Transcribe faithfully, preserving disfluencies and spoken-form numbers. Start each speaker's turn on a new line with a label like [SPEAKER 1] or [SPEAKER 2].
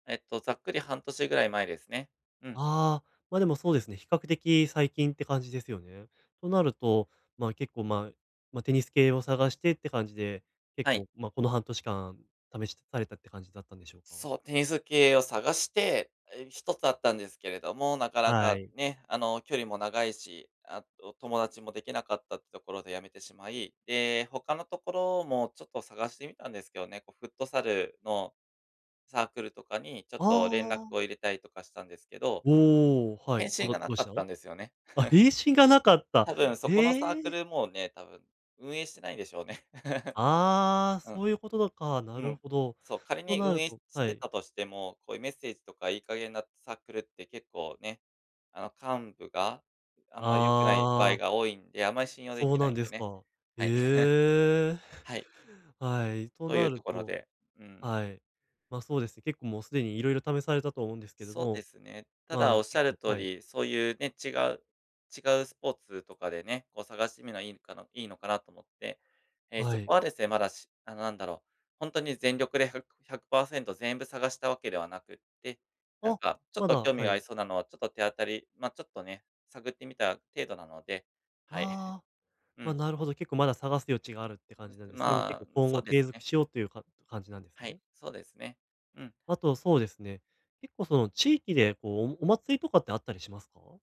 [SPEAKER 1] えっと、ざっくり半年ぐらい前ですね。うん。
[SPEAKER 2] ああ、ま、でもそうですね。比較的最近って感じですよね。となると、まあ、結構まあ、まあ、テニス系を探してって感じで、結
[SPEAKER 1] はい。
[SPEAKER 2] 構、まあ、この半年間試しされたって感じだったんでしょうか？
[SPEAKER 1] そう、テニス系を探して、え、ひとつあったんですけれども、なかな
[SPEAKER 2] は
[SPEAKER 1] か、
[SPEAKER 2] い。
[SPEAKER 1] ね、あの距離も長いし、あと友達もできなかったってところで辞めてしまい、で、他のところもちょっと探してみたんですけどね、こうフットサルのサークルとかに、ちょ
[SPEAKER 2] あ
[SPEAKER 1] っと連絡を
[SPEAKER 2] あ。
[SPEAKER 1] 入れたりとかしたんですけど、
[SPEAKER 2] おお、は
[SPEAKER 1] 返
[SPEAKER 2] い、どう
[SPEAKER 1] 信
[SPEAKER 2] だ
[SPEAKER 1] がな
[SPEAKER 2] どう
[SPEAKER 1] か
[SPEAKER 2] し
[SPEAKER 1] っ
[SPEAKER 2] た？
[SPEAKER 1] たんですよね。
[SPEAKER 2] あ、返信がなかった。
[SPEAKER 1] 多分そこのサー
[SPEAKER 2] え
[SPEAKER 1] ク
[SPEAKER 2] え。
[SPEAKER 1] ル、もうね、多分、運営してないでしょうね。
[SPEAKER 2] ああ、
[SPEAKER 1] うん。
[SPEAKER 2] そういうことなのか、な
[SPEAKER 1] う
[SPEAKER 2] る
[SPEAKER 1] ん、
[SPEAKER 2] ほど。
[SPEAKER 1] そう、仮
[SPEAKER 2] と
[SPEAKER 1] に
[SPEAKER 2] な
[SPEAKER 1] 運
[SPEAKER 2] る
[SPEAKER 1] 営し
[SPEAKER 2] とは
[SPEAKER 1] て
[SPEAKER 2] い。
[SPEAKER 1] たとしても、こういうメッセージとかいい加減なサークルって結構ね、あの幹部が、あんまり良くない場
[SPEAKER 2] あ
[SPEAKER 1] 合
[SPEAKER 2] あ。
[SPEAKER 1] が多いんで、あんまり信用で
[SPEAKER 2] そ
[SPEAKER 1] き
[SPEAKER 2] う
[SPEAKER 1] な
[SPEAKER 2] なん
[SPEAKER 1] いん
[SPEAKER 2] で
[SPEAKER 1] で
[SPEAKER 2] す
[SPEAKER 1] ね。
[SPEAKER 2] か。
[SPEAKER 1] はい。
[SPEAKER 2] ええ。
[SPEAKER 1] はい。
[SPEAKER 2] はい、と
[SPEAKER 1] とい
[SPEAKER 2] な
[SPEAKER 1] うと
[SPEAKER 2] る
[SPEAKER 1] ころ
[SPEAKER 2] と
[SPEAKER 1] で。うん。
[SPEAKER 2] はい。ま、そうですね。結構もうすでに色々試されたと思うんですけど
[SPEAKER 1] そうで
[SPEAKER 2] も、
[SPEAKER 1] すね、た
[SPEAKER 2] まあ
[SPEAKER 1] だおっし
[SPEAKER 2] 結
[SPEAKER 1] ゃる
[SPEAKER 2] 構
[SPEAKER 1] 通
[SPEAKER 2] はい。
[SPEAKER 1] り、そういうね、違う違うスポーツとかでね、こう探してみるのはいいのかないいのかなと思って、ええ、
[SPEAKER 2] は
[SPEAKER 1] そこ
[SPEAKER 2] い。
[SPEAKER 1] はですね、まだしあの何だろう、ほんとに全力でふくひゃくパーセント全部探したわけではなくって、なん
[SPEAKER 2] あ、
[SPEAKER 1] かちょっ
[SPEAKER 2] ま
[SPEAKER 1] と
[SPEAKER 2] だ
[SPEAKER 1] 興味
[SPEAKER 2] は
[SPEAKER 1] があり
[SPEAKER 2] い。
[SPEAKER 1] そうなのは、ちょっと手当たりまあちょっとね、探ってみた程度なので。はい。
[SPEAKER 2] ああ、
[SPEAKER 1] う
[SPEAKER 2] まあ、
[SPEAKER 1] ん。
[SPEAKER 2] なるほど結構まだ、探す余地があるって感じなん
[SPEAKER 1] うん、
[SPEAKER 2] です、それも結
[SPEAKER 1] ま
[SPEAKER 2] 構、
[SPEAKER 1] あ、ん、
[SPEAKER 2] 今
[SPEAKER 1] そ
[SPEAKER 2] 後
[SPEAKER 1] うで
[SPEAKER 2] 継
[SPEAKER 1] す
[SPEAKER 2] 続
[SPEAKER 1] ね。
[SPEAKER 2] しようというか感じなんです
[SPEAKER 1] はい、
[SPEAKER 2] ね。
[SPEAKER 1] そうですね。うん。
[SPEAKER 2] あとそうですね。結構その、地域でこうおお祭りとかってあったりしますか？